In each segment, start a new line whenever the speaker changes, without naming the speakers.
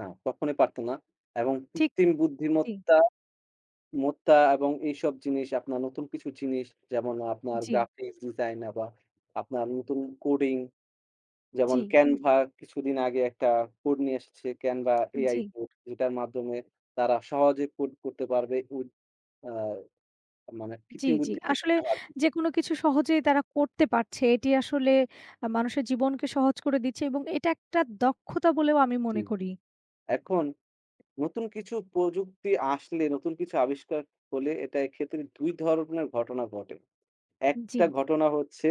না কখনোই পারত না। এবং
ঠিক
কৃত্রিম
জি।
বুদ্ধিমত্তা মত্তা এবং এইসব জিনিস আপনার নতুন কিছু জিনিস যেমন আপনার
জি।
গ্রাফিক্স ডিজাইন আ বা আপনার নতুন কোডিং যেমন
জি।
Canva কিছুদিন আগে একটা কোড নিয়ে এসেছে Canva AI
জি।
কোড যেটার মাধ্যমে তারা সহজে কোড করতে পারবে কু আ মানে
জি,
কৃত্রিম
জি।
বুদ্ধিমত্তার
আসলে
সাহায্য
যেকোনো কিছু সহজেই তারা করতে পারছে এটি আসলে আ মানুষের জীবনকে সহজ করে দিচ্ছে এবং এটা একটা দক্ষতা বলেও আমি মনে
হুম,
করি।
এখন নতুন কিছু প্রযুক্তি আসলে নতুন কিছু আবিষ্কার হলে এটা এক্ষেত্রে ২ ধরনের ঘটনা ঘটে। একটা
জি।
ঘটনা হচ্ছে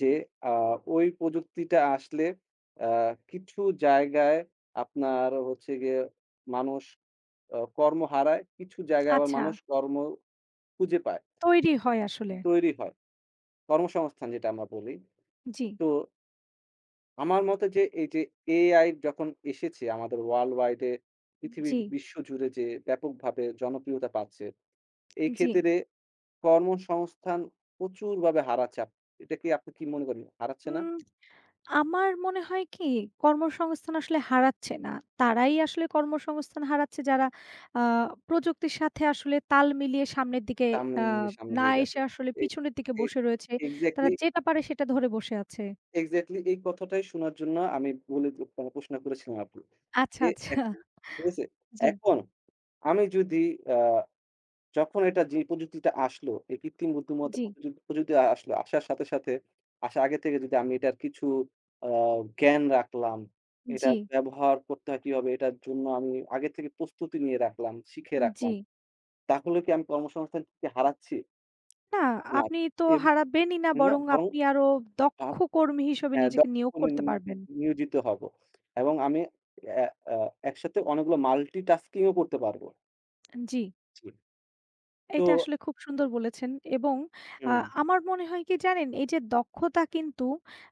যে আ ওই প্রযুক্তিটা আসলে আ কিছু জায়গায় আপনার হচ্ছে গিয়ে মানুষ আ কর্ম হারায়, কিছু জায়গায় আবার
আচ্ছা।
মানুষ কর্ম খুঁজে পায়।
তৈরি হয় আসলে।
তৈরি হয়। কর্মসংস্থান যেটা আমরা বলি
জি।
তো আমার মতে যে এই যে AI যখন এসেছে আমাদের ওয়ার্ল্ড ওয়াইড এ পৃথিবীর
জি।
বিশ্ব জুড়ে যে ব্যাপকভাবে জনপ্রিয়তা পাচ্ছে এই
জি।
ক্ষেত্রে কর্মসংস্থান প্রচুরভাবে হারাচ্ছে। আপ এটা কি আপনি কি মনে করেন হারাচ্ছে না?
হুম আমার মনে হয় কি কর্মসংস্থান আসলে হারাচ্ছে না। তারাই আসলে কর্মসংস্থান হারাচ্ছে যারা আ প্রযুক্তির সাথে আসলে তাল মিলিয়ে সামনের দিকে আ
সামনে সামনে
না
দিয়ে
এসে
যাচ্ছে।
আসলে
এক
পিছনের দিকে
এক
বসে রয়েছে। তারা
এক্সাক্টলি
যেটা পারে সেটা ধরে বসে আছে।
এক্সাক্টলি এই কথাটাই শোনার জন্য আমি মূলত প প্রশ্ন করেছিলাম আপু।
আচ্ছা,
এ
আচ্ছা
এখন ঠিক আছে?
জি।
এখন আমি যদি আ যখন একটা যে প্রযুক্তিটা আসলো এই কৃত্রিম বুদ্ধিমত্তা
জি।
প্রযুক প্রযুক্তি আসলো আসার সাথে, সাথে আসার আগে থেকে যদি আমি এটার কিছু আ জ্ঞান রাখলাম, এটা
জি।
ব্যবহার করতে হয় কি ভাবে? এটার জন্য আমি আগে থেকে প্রস্তুতি নিয়ে রাখলাম, শিখে
উন
রাখলাম।
জি।
তাহলে কি আমি কর্মসংস্থান কি হারাচ্ছি?
না
না,
আপনি তো
এব
হারাবেনই না
না,
বরং
বরং।
আপনি আরও
আ
দক্ষ কর্মী হিসেবে
হ্যাঁ দা
নিজেকে নিয়োগ
উন নি
করতে
নি
পারবেন।
নিয়োজিত হব। এবং আমি এ আ একসাথে অনেকগুলো মাল্টিটাস্কিং ও করতে পারবো।
আন জি।
জি, তো
এইটা আসলে খুব সুন্দর বলেছেন। এবং আ
হুম।
আমার মনে হয় কি জানেন? এই যে দক্ষতা কিন্তু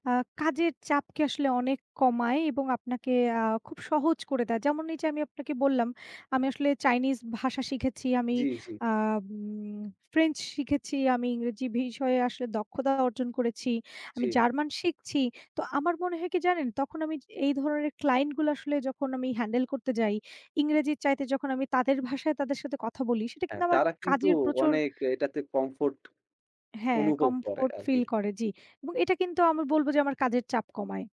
আ কাজের চাপকে আসলে অনেক কমায় এবং আপনাকে আ খুব সহজ করে দেয়। যেমন এই যে আমি আপনাকে বললাম, আমি আসলে চাইনিজ ভাষা শিখেছি, আমি
জি, জি।
আ উম ফ্রেঞ্চ শিখেছি, আমি ইংরেজি বিষয়ে আসলে দক্ষতা অর্জন করেছি। আমি
জি।
জার্মান শিখছি। তো আমার মনে হয় কি জানেন? তখন আমি যে এই ধরনের ক্লায়েন্ট গুলো আসলে যখন আমি হ্যান্ডেল করতে যাই ইংরেজির চাইতে যখন আমি তাদের ভাষায় তাদের সাথে কথা বলি সেটা
হ্যাঁ,
কিন্তু আমার ক
তারা কিন্তু
কাজের প্রচুর
অনেক এটাতে কমফোর্ট
হ্যাঁ
অনুভব করে
কমফোর্ট
আরকি।
ফিল করে, জি। এবং এটা কিন্তু আমি বলবো যে আমার কাজের চাপ কমায়।